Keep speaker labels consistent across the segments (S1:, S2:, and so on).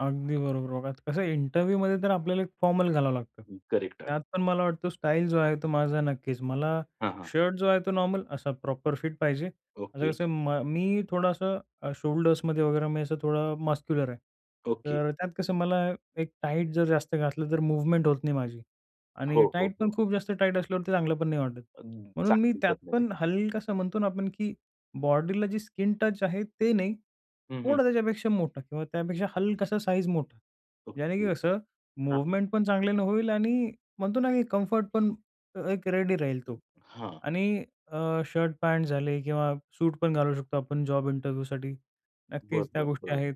S1: अगदी बरोबर. बघा कसं इंटरव्ह्यूमध्ये तर आपल्याला एक फॉर्मल घालावं लागतं.
S2: अ, करेक्ट. [unintelligible]
S1: त्यात पण मला वाटतं स्टाईल जो आहे तो माझा नक्कीच. मला
S2: हां, हां.
S1: शर्ट जो आहे तो नॉर्मल, असा प्रॉपर फिट पाहिजे. आता
S2: ओके.
S1: कसं आहे म मी थोडंसं अ, शोल्डर्समध्ये वगैरे मी असं थोडा मस्क्युलर आहे.
S2: ओके.
S1: तर त्यात कसं मला एक टाईट जर जास्त घातलं तर मूव्हमेंट होत नाही माझी. आणि
S2: हो, हो,
S1: टाईट पण
S2: हो.
S1: खूप जास्त टाईट असल्यावर, ते चांगलं पण नाही वाटत.
S2: अन् [unintelligible]
S1: म्हणून मी त्यात
S2: ह्याच्यामध्ये.
S1: पण हलकासा म्हणतो ना आपण, की बॉडीला जी स्किन टच आहे ते नाही,
S2: हं, हं.
S1: थोडा त्याच्यापेक्षा मोठा, किंवा त्यापेक्षा हलकासा साईझ मोठा. ज्याने की
S2: ओके.
S1: कसं
S2: हां, हां.
S1: मूव्हमेंट पण चांगल्यानं होईल आणि म्हणतो ना, की कम्फर्ट पण अ, एक रेडी राहील तो.
S2: हां.
S1: आणि अ, शर्ट-पॅन्ट झाले, किंवा सूट पण घालू शकतो आपण जॉब इंटरव्ह्यूसाठी. नक्कीच त्या
S2: बरोबर,
S1: गोष्टी
S2: बरोबर.
S1: आहेत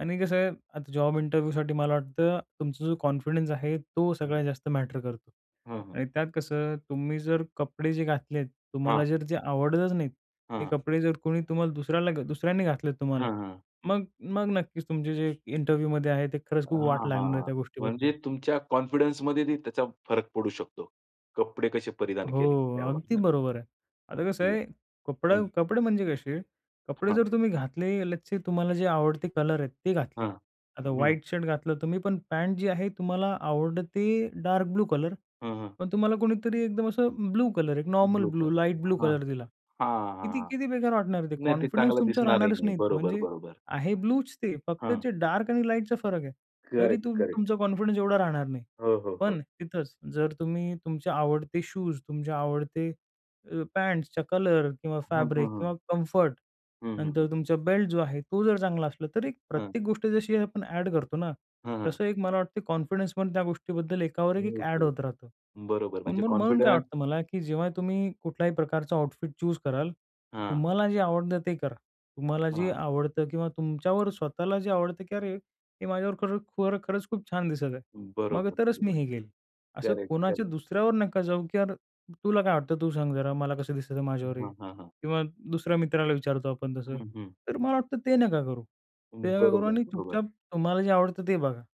S1: आणि कसं आहे आता जॉब इंटरव्ह्यूसाठी मला वाटतं तुमचा जो कॉन्फिडन्स आहे, तो
S2: हं.
S1: सगळ्यात जास्त मॅटर करतो.
S2: हां. हां.
S1: आणि त्यात कसं तुम्ही जर कपडे जे घातलेत, तुम्हाला
S2: हां.
S1: जर जे आवडतच नाहीत. ते
S2: हां.
S1: कपडे जर कोणी तुम्हाला दुसऱ्याला दुसऱ्याने घातलेत तुम्हाला.
S2: हां, हां.
S1: मग मग नक्कीच तुमचे जे इंटरव्ह्यूमध्ये आहे ते खरंच खूप वाट
S2: हां,
S1: लागणार आहे
S2: हां.
S1: त्या
S2: म्हणजे
S1: गोष्टीबद्दल.
S2: तुमच्या कॉन्फिडन्समध्ये ते त्याचा फरक पडू शकतो. कपडे कसे परिधान केले
S1: हो, अगदी
S2: त्यावरनं.
S1: बरोबर आहे.
S2: हां,.
S1: आता कसं
S2: [unintelligible]
S1: आहे कपडा
S2: हं.
S1: कपडे म्हणजे कसे, कपडे
S2: हां.
S1: जर तुम्ही घातले लेट्स से तुम्हाला जे आवडते कलर आहेत, ते घातले.
S2: हां.
S1: आता
S2: हं, हं.
S1: व्हाईट शर्ट घातलं तुम्ही पण पॅन्ट जी आहे तुम्हाला आवडते डार्क ब्लू कलर,
S2: हं, हं.
S1: पण तुम्हाला कोणीतरी एकदम असं ब्लू कलर, एक normal
S2: blue
S1: blue,
S2: colour,
S1: light blue
S2: हां.
S1: कलर दिला.
S2: हां,
S1: किती
S2: हां.
S1: किती बेकार वाटणार आहे ते.
S2: नाही ते
S1: कॉन्फिडन्स
S2: चांगलं
S1: तुमचा
S2: दिसणार ही
S1: राहणारच
S2: नाही.
S1: नाही,
S2: बरोबर,
S1: म्हणजे
S2: बरोबर.
S1: आहे ब्लूच ते, फक्त
S2: हां.
S1: जे डार्क आणि लाईटचा फरक आहे. तरी
S2: करेक्ट,
S1: तुम
S2: करेक्ट.
S1: तुमचा कॉन्फिडन्स एवढा राहणार नाही.
S2: हो, हो, हो.
S1: पण तिथंच जर तुम्ही, तुमच्या आवडते शूज, तुमचे आवडते अ, पँट्सच्या कलर, किंवा
S2: हं, हं,
S1: फॅब्रिक, किंवा
S2: हं.
S1: कम्फर्ट.
S2: हं, हं,
S1: नंतर
S2: हं.
S1: तुमचा बेल्ट जो आहे, तो जर चांगला असला, तरी एक
S2: हं.
S1: प्रत्येक गोष्टी जशी आपण ॲड करतो ना,
S2: हं, हं.
S1: तसं एक मला वाटतं कॉन्फिडन्स पण त्या गोष्टीबद्दल एकावर एक एक ॲड
S2: ओके.
S1: होत राहतं.
S2: बरोबर म्हणजे
S1: म्हणून म्हणून काय
S2: कॉन्फिडन्स
S1: वाटतं मला, की जेव्हा तुम्ही कुठल्याही प्रकारचा आउटफिट चूज कराल,
S2: हां.
S1: तुम्हाला जे आवडतं ते करा. तुम्हाला जे
S2: हां.
S1: आवडतं, किंवा तुमच्यावर स्वतःला जे आवडतं, की "अरे, हे माझ्यावर खरं खरं खरंच खूप छान दिसत आहे. मग
S2: बरोबर,
S1: तरच मी
S2: बरोबर.
S1: हे घेईल." असं
S2: करेक्ट,
S1: कोणाच्या
S2: करेक्ट.
S1: दुसऱ्यावर नका जाऊ, की "यार, तुला काय वाटतं तू सांग जरा, मला कसं दिसतं आहे माझ्यावर हे?"
S2: हां, हां, हां.
S1: किंवा दुसऱ्या मित्राला विचारतो आपण तसं.
S2: हं, हं.
S1: तर मला वाटतं ते नका करू.
S2: हं.
S1: ते नका करू
S2: बरोबर,
S1: आणि
S2: बरोबर.
S1: चुपचाप तुम्हाला जे आवडतं ते बघा.